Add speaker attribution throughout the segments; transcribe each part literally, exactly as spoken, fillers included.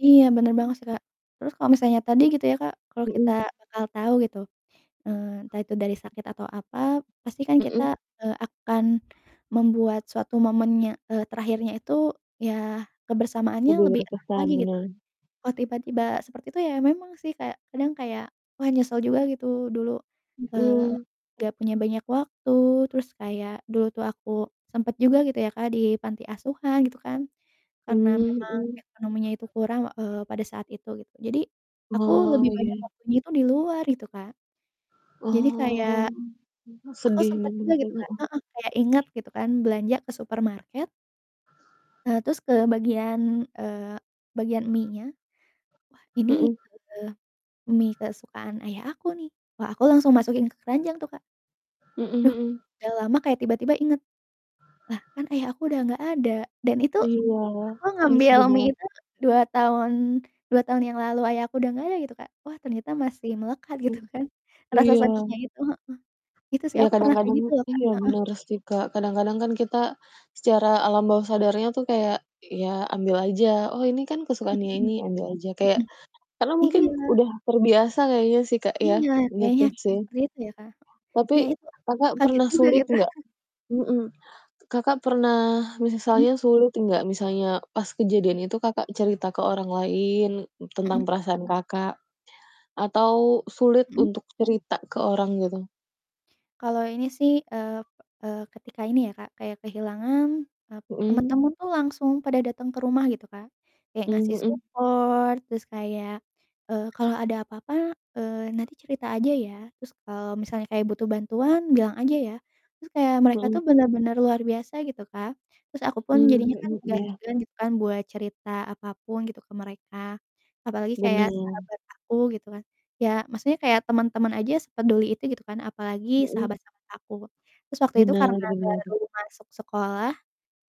Speaker 1: Iya bener
Speaker 2: Mhm.
Speaker 1: banget sih Kak. Terus kalau misalnya tadi gitu ya Kak kalau kita
Speaker 2: Mhm.
Speaker 1: bakal tahu gitu, eee, entah itu dari sakit atau apa pasti kan kita,
Speaker 2: Mhm.
Speaker 1: eee, akan membuat suatu momennya, eee, terakhirnya itu ya kebersamaannya
Speaker 2: Lebih
Speaker 1: lebih erat
Speaker 2: berkesan
Speaker 1: lagi gitu,
Speaker 2: bener.
Speaker 1: kalau tiba-tiba seperti itu ya memang sih kayak kadang kayak, wah, nyesel juga gitu dulu, eee,
Speaker 2: Mhm.
Speaker 1: nggak punya banyak waktu terus kayak dulu tuh aku sempet juga gitu ya Kak di panti asuhan, gitu kan, karena
Speaker 2: Mmm,
Speaker 1: memang
Speaker 2: mhm.
Speaker 1: ekonominya itu kurang, eee, pada saat itu gitu jadi aku
Speaker 2: Oh
Speaker 1: lebih banyak
Speaker 2: ya.
Speaker 1: waktunya itu di luar gitu Kak, jadi kayak
Speaker 2: Oh
Speaker 1: aku
Speaker 2: sedih
Speaker 1: sempet
Speaker 2: ben
Speaker 1: juga
Speaker 2: [unintelligible]
Speaker 1: gitu
Speaker 2: heeh.
Speaker 1: Kak heeh, kayak inget gitu kan belanja ke supermarket eee, terus ke bagian, eee, bagian mienya. Wah ini,
Speaker 2: Mhm.
Speaker 1: eee, mie kesukaan ayah aku nih. Wah aku langsung masukin ke keranjang tuh Kak.
Speaker 2: Hmm
Speaker 1: Duh
Speaker 2: hmm.
Speaker 1: udah lama kayak tiba-tiba inget, lah kan ayah aku udah nggak ada. Dan itu
Speaker 2: Iya
Speaker 1: aku
Speaker 2: ini
Speaker 1: ngambil
Speaker 2: sedih
Speaker 1: mie
Speaker 2: banget.
Speaker 1: itu dua tahun dua tahun yang lalu Ayah aku udah nggak ada gitu Kak. Wah ternyata masih melekat gitu
Speaker 2: Mmm
Speaker 1: kan rasa
Speaker 2: iya.
Speaker 1: sedihnya itu, heeh. Itu sih,
Speaker 2: Iya
Speaker 1: aku pernah kayak
Speaker 2: kadang-kadang
Speaker 1: gitu loh Kak,
Speaker 2: iya
Speaker 1: heeh.
Speaker 2: benar sih Kak. Kadang-kadang kan kita secara alam bawah sadarnya tuh kayak ya ambil aja. "Oh ini kan kesukaannya
Speaker 1: Mhm,
Speaker 2: ini," ambil aja, kayak
Speaker 1: mhm
Speaker 2: karena mungkin
Speaker 1: iya.
Speaker 2: udah terbiasa kayaknya sih Kak ya.
Speaker 1: Iya
Speaker 2: Gitu
Speaker 1: kayaknya
Speaker 2: sih.
Speaker 1: seperti itu ya Kak.
Speaker 2: Tapi
Speaker 1: Iya itu
Speaker 2: Kakak
Speaker 1: kaget
Speaker 2: pernah
Speaker 1: juga
Speaker 2: sulit
Speaker 1: gitu.
Speaker 2: nggak? Mhm. Kakak pernah,
Speaker 1: Mhm.
Speaker 2: misalnya sulit nggak, misalnya pas
Speaker 1: Hmm.
Speaker 2: kejadian itu Kakak cerita ke orang lain tentang
Speaker 1: Mhm.
Speaker 2: perasaan Kakak? Atau sulit
Speaker 1: Mhm.
Speaker 2: untuk cerita ke orang gitu?
Speaker 1: Kalau ini sih, eee eee, ketika ini ya Kak, kayak kehilangan, eee,
Speaker 2: Mhm.
Speaker 1: temen-temen tuh langsung pada datang ke rumah gitu Kak. Kayak
Speaker 2: Mmm,
Speaker 1: ngasih
Speaker 2: mhm.
Speaker 1: support terus kayak, eee, "Kalau ada apa-apa, eee, nanti cerita aja ya. Terus kalau misalnya kayak butuh bantuan bilang aja ya." Terus kayak mereka tuh
Speaker 2: Mhm.
Speaker 1: bener-bener luar biasa gitu Kak. Terus aku pun
Speaker 2: Mmm,
Speaker 1: jadinya kan
Speaker 2: mhm,
Speaker 1: agak
Speaker 2: iya.
Speaker 1: segan gitu kan buat cerita apapun gitu ke mereka, apalagi kayak
Speaker 2: Bener.
Speaker 1: sahabat aku gitu kan. Ya maksudnya kayak temen-temen aja sepeduli itu gitu kan, apalagi
Speaker 2: Mhm.
Speaker 1: sahabat-sahabat aku terus waktu itu
Speaker 2: Benar
Speaker 1: karena
Speaker 2: benar.
Speaker 1: baru masuk sekolah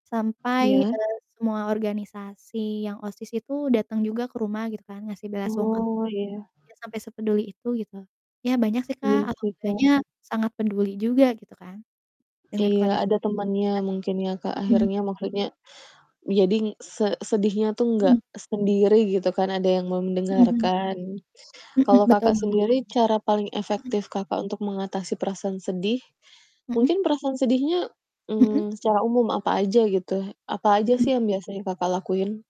Speaker 1: sampai,
Speaker 2: Iya.
Speaker 1: eee, semua organisasi yang OSIS itu datang juga ke rumah gitu kan, ngasih bela sungkawa,
Speaker 2: Oh iya.
Speaker 1: ya sampai sepeduli itu gitu. Ya banyak sih
Speaker 2: Iya
Speaker 1: Kak, agak
Speaker 2: sih Kak.
Speaker 1: banyak, sangat peduli juga gitu kan dengan
Speaker 2: Iya
Speaker 1: kondisi
Speaker 2: ada temannya
Speaker 1: saat
Speaker 2: mungkin ya Kak
Speaker 1: itu, mhm.
Speaker 2: akhirnya, maksudnya jadi se sedihnya tuh nggak
Speaker 1: Hmm.
Speaker 2: sendiri gitu kan, ada yang
Speaker 1: Mhm mhm,
Speaker 2: mendengarkan.
Speaker 1: mhm,
Speaker 2: Kalau
Speaker 1: betul
Speaker 2: Kakak
Speaker 1: banget.
Speaker 2: sendiri cara paling
Speaker 1: Mhm.
Speaker 2: efektif Kakak untuk mengatasi perasaan sedih
Speaker 1: Mhm.
Speaker 2: mungkin perasaan sedihnya,
Speaker 1: Mhm.
Speaker 2: mmm, secara umum apa aja gitu, apa aja sih
Speaker 1: Mhm.
Speaker 2: yang biasanya Kakak lakuin?